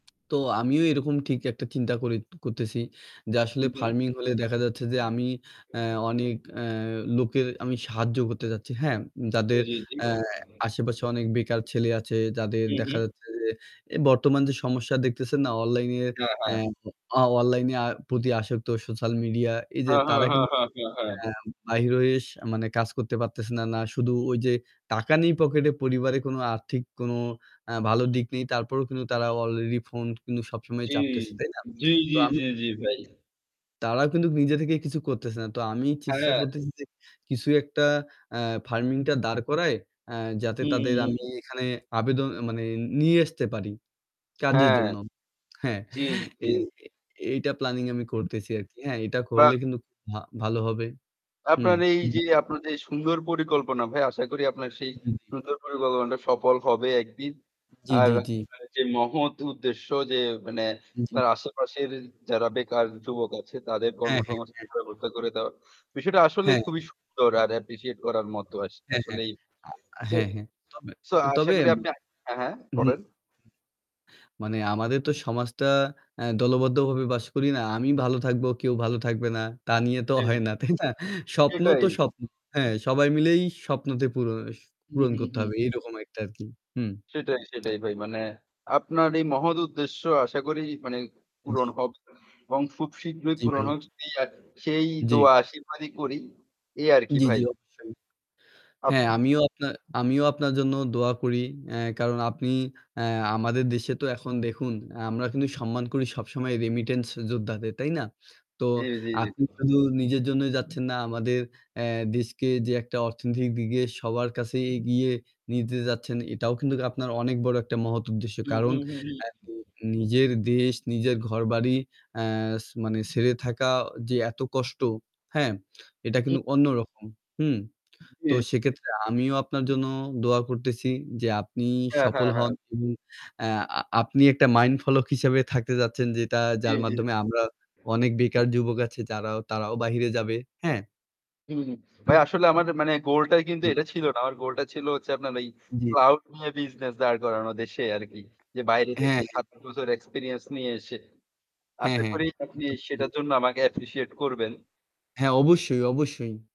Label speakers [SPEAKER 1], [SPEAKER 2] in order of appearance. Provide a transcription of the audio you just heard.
[SPEAKER 1] তো আমিও এরকম ঠিক একটা চিন্তা করে করতেছি। যে
[SPEAKER 2] উ
[SPEAKER 1] আসলে
[SPEAKER 2] হুম।
[SPEAKER 1] ফার্মিং হলে দেখা যাচ্ছে যে আমি এ্যা অনেক এ্যা লোকের সাহায্য করতে যাচ্ছি। হ্যাঁ,
[SPEAKER 2] জি,
[SPEAKER 1] যাদের
[SPEAKER 2] জি, জি।
[SPEAKER 1] এ্যা আশেপাশে অনেক বেকার ছেলে আছে, যাদের
[SPEAKER 2] হু,
[SPEAKER 1] দেখা
[SPEAKER 2] হু।
[SPEAKER 1] যাচ্ছে যে এ বর্তমান যে সমস্যা দেখতেছেন না অনলাইন এ্যা
[SPEAKER 2] হ্যাঁ, হ্যাঁ।
[SPEAKER 1] অ অনলাইনে আর প্রতি আসক্ত সোশ্যাল মিডিয়া এই যে
[SPEAKER 2] হ্যাঁ, হ্যাঁ,
[SPEAKER 1] তারা
[SPEAKER 2] হ্যাঁ,
[SPEAKER 1] কিন্তু
[SPEAKER 2] হ্যাঁ, হ্যাঁ, হ্যাঁ।
[SPEAKER 1] এ্যা বাহির হয়ে কাজ করতে পারতেছে না। না শুধু ওই যে টাকা নেই পকেটে পরিবারে কোন আর্থিক কোন আ ভালো দিক নেই। তারপরেও কিন্তু তারা অলরেডি ফোন কিন্তু সবসময়
[SPEAKER 2] জ্বী,
[SPEAKER 1] চাপতেছে। তাই না?
[SPEAKER 2] জ্বী,
[SPEAKER 1] তো
[SPEAKER 2] জ্বী,
[SPEAKER 1] আমি
[SPEAKER 2] জ্বী, জ্বী, ভাই।
[SPEAKER 1] তারা কিন্তু নিজে থেকেই কিছু করতেছে না। তো আমি চেষ্টা
[SPEAKER 2] হ্যাঁ।
[SPEAKER 1] করতেছি যে কিছু একটা আ ফার্মিং টা দাঁড় করায় আ যাতে
[SPEAKER 2] হুম,
[SPEAKER 1] তাদের
[SPEAKER 2] হুম,
[SPEAKER 1] আমি
[SPEAKER 2] হুম।
[SPEAKER 1] এখানে আবেদন মানে নিয়ে আসতে পারি কাজের
[SPEAKER 2] হ্যাঁ।
[SPEAKER 1] জন্য। হ্যাঁ,
[SPEAKER 2] জ্বী, জ্বী।
[SPEAKER 1] এই এইটা প্ল্যানিং আমি করতেছি আরকি। হ্যাঁ এটা
[SPEAKER 2] বা
[SPEAKER 1] করলে কিন্তু খু ভা ভালো হবে। হুম।
[SPEAKER 2] আপনার এই যে আপনার যে সুন্দর পরিকল্পনা ভাই আশা করি আপনার সেই
[SPEAKER 1] হু, হুম।
[SPEAKER 2] সুন্দর পরিকল্পনাটা সফল হবে একদিন।
[SPEAKER 1] জ্বী,
[SPEAKER 2] আর
[SPEAKER 1] জ্বী, জ্বী।
[SPEAKER 2] যে আ মহৎ উদ্দেশ্য যে মানে
[SPEAKER 1] জি।
[SPEAKER 2] আপনার আশেপাশের যারা বেকার যুবক আছে তাদের কর্ম
[SPEAKER 1] হ্যাঁ, হ্যাঁ,
[SPEAKER 2] সমাজ
[SPEAKER 1] হ্যাঁ।
[SPEAKER 2] ব্যবস্থা করে দেওয়া। বিষয়টা আসলেই
[SPEAKER 1] হ্যাঁ।
[SPEAKER 2] খুবই সুন্দর আর অ্যাপ্রিশিয়েট করার মতো। আস
[SPEAKER 1] হ্যাঁ, হ্যাঁ।
[SPEAKER 2] আসলেই সো
[SPEAKER 1] হ্যাঁ, হ্যাঁ। তবে,
[SPEAKER 2] সো আশা
[SPEAKER 1] তবে,
[SPEAKER 2] করি আপনি হ্যাঁ, হ্যাঁ,
[SPEAKER 1] হুম।
[SPEAKER 2] বলেন।
[SPEAKER 1] মানে আমাদের তো এ্যা সমাজটা দলবদ্ধভাবে বাস করি না। আমি ভালো থাকবো, কেউ ভালো থাকবে না। তা নিয়ে তো
[SPEAKER 2] জি।
[SPEAKER 1] হয় না, তাই না? স্বপ্ন
[SPEAKER 2] এটাই।
[SPEAKER 1] তো স্বপ্ন। হ্যাঁ সবাই মিলেই স্বপ্নতে পূরণ অস
[SPEAKER 2] হুম,
[SPEAKER 1] পূরন
[SPEAKER 2] হুম,
[SPEAKER 1] করতে
[SPEAKER 2] হুম।
[SPEAKER 1] হবে। এরকম একটা আরকি হুম।
[SPEAKER 2] সেটাই, সেটাই ভাই। মানে আপনার এই মহৎ উদ্দেশ্য আশা করি মানে পূরণ
[SPEAKER 1] জ্বী।
[SPEAKER 2] হোক এবং খুব শীঘ্রই
[SPEAKER 1] জ্বি,
[SPEAKER 2] পূরণ
[SPEAKER 1] ভাই।
[SPEAKER 2] হোক। সেই আ সেই
[SPEAKER 1] জ্বি।
[SPEAKER 2] দোয়া আশীর্বাদই করি। এই আরকি
[SPEAKER 1] জ্বী, জ্বী,
[SPEAKER 2] ভাই।
[SPEAKER 1] অবশ্যই।
[SPEAKER 2] আপ
[SPEAKER 1] হ্যাঁ আমিও আপনা আমিও আপনার জন্য দোয়া করি। এ্যা কারণ আপনি এ্যা আমাদের দেশে তো এখন দেখুন আ আমরা কিন্তু সম্মান করি সবসময় রেমিটেন্স যোদ্ধাদের তাই না? তো
[SPEAKER 2] জ্বি, জি, জি।
[SPEAKER 1] আপনি শুধু নিজের জন্যই যাচ্ছেন না আমাদের এ্যা দেশকে যে একটা অর্থনৈতিক দিকে সবার কাছেই এগিয়ে নিতে যাচ্ছেন এটাও কিন্তু আপনার অনেক বড় একটা মহৎ উদ্দেশ্য।
[SPEAKER 2] হু,
[SPEAKER 1] কারণ
[SPEAKER 2] হু, হু।
[SPEAKER 1] এ্যা নিজের দেশ নিজের ঘরবাড়ি অ্যাস মানে ছেরে থাকা যে এত কষ্ট। হ্যাঁ এটা
[SPEAKER 2] উ
[SPEAKER 1] কিন্তু অন্যরকম। হুম।
[SPEAKER 2] জী।
[SPEAKER 1] তো
[SPEAKER 2] জী।
[SPEAKER 1] সেক্ষেত্রে আমিও আপনার জন্য দোয়া করতেছি যে আপনি
[SPEAKER 2] হ্যাঁ,
[SPEAKER 1] সফল
[SPEAKER 2] হ্যাঁ,
[SPEAKER 1] হন।
[SPEAKER 2] হ্যাঁ।
[SPEAKER 1] এবং এ্যা আ আপনি একটা মাইন্ড ফলোক হিসেবে থাকতে চাচ্ছেন যেটা
[SPEAKER 2] জ্বী,
[SPEAKER 1] যার
[SPEAKER 2] জ্বী।
[SPEAKER 1] মাধ্যমে আমরা অনেক বেকার যুবক আছে যারা তারাও বাহিরে যাবে। হ্যাঁ।
[SPEAKER 2] হু, হুম, ভাই আসলে আমার মানে গোল টাই কিন্তু
[SPEAKER 1] হুম।
[SPEAKER 2] এটা ছিল না। আমার গোলটা ছিল হচ্ছে আপনার এই
[SPEAKER 1] জ্বী।
[SPEAKER 2] ক্লাউড নিয়ে বিজনেস দাঁড় করানো দেশে আরকি। যে বাইরে থেকে
[SPEAKER 1] হ্যাঁ।
[SPEAKER 2] ৭ বছর এক্সপেরিয়েন্স নিয়ে এসে।
[SPEAKER 1] হ্যাঁ,
[SPEAKER 2] আশা
[SPEAKER 1] হ্যাঁ।
[SPEAKER 2] করি আপনি সেটার
[SPEAKER 1] [unintelligible]
[SPEAKER 2] জন্য আমাকে অ্যাপ্রিশিয়েট করবেন।
[SPEAKER 1] হ্যাঁ, অবশ্যই, অবশ্যই।